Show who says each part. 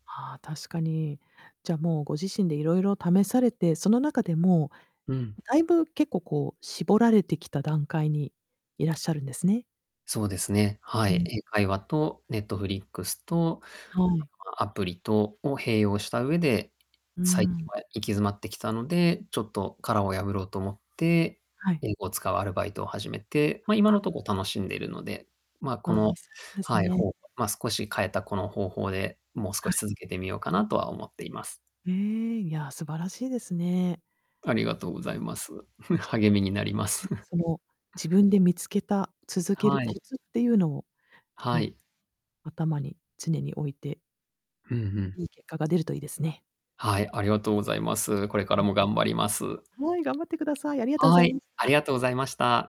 Speaker 1: ああ、確かに。じゃあ、もうご自身で色々試されてその中で、も
Speaker 2: うん。
Speaker 1: う大分結構こう絞られてきた段階にいらっしゃるんですね。
Speaker 2: そうですね、は
Speaker 1: う
Speaker 2: い。
Speaker 1: ん。
Speaker 2: 英会話と Netflix と、あ
Speaker 1: はい。
Speaker 2: とま、アプリとを併用した上で、
Speaker 1: うー
Speaker 2: 最近
Speaker 1: ん。
Speaker 2: は行き詰まってきたので、ちょっと殻を破ろうと思って、
Speaker 1: はい。
Speaker 2: 英語を使うアルバイトを始めて。ま、今の
Speaker 1: は。
Speaker 2: とこ楽しんでいるので、ま、こ
Speaker 1: あで
Speaker 2: の
Speaker 1: すです
Speaker 2: はい、
Speaker 1: ね。
Speaker 2: ほま、少し変えたこの方法で、もう
Speaker 1: は
Speaker 2: 少し
Speaker 1: い。
Speaker 2: 続けてみようかなとは思っています。
Speaker 1: へえ、いや、素晴らしいですね。
Speaker 2: ありがとうご
Speaker 1: これか
Speaker 2: ざいます。励みになりま
Speaker 1: らも
Speaker 2: す。
Speaker 1: ね、その自分で見つけた、続ける
Speaker 2: はい。
Speaker 1: コツっていうのを
Speaker 2: は
Speaker 1: ね、
Speaker 2: い。
Speaker 1: 頭に常に置いて。
Speaker 2: ふんふん。
Speaker 1: いい結果が出るといいですね。
Speaker 2: はい、ありがとうございます。これか
Speaker 1: う
Speaker 2: ら
Speaker 1: ん。
Speaker 2: も頑張ります。
Speaker 1: はい、頑張ってください。ありがとうご
Speaker 2: は
Speaker 1: ざい
Speaker 2: い、
Speaker 1: まし
Speaker 2: あり
Speaker 1: た。
Speaker 2: がとうございました。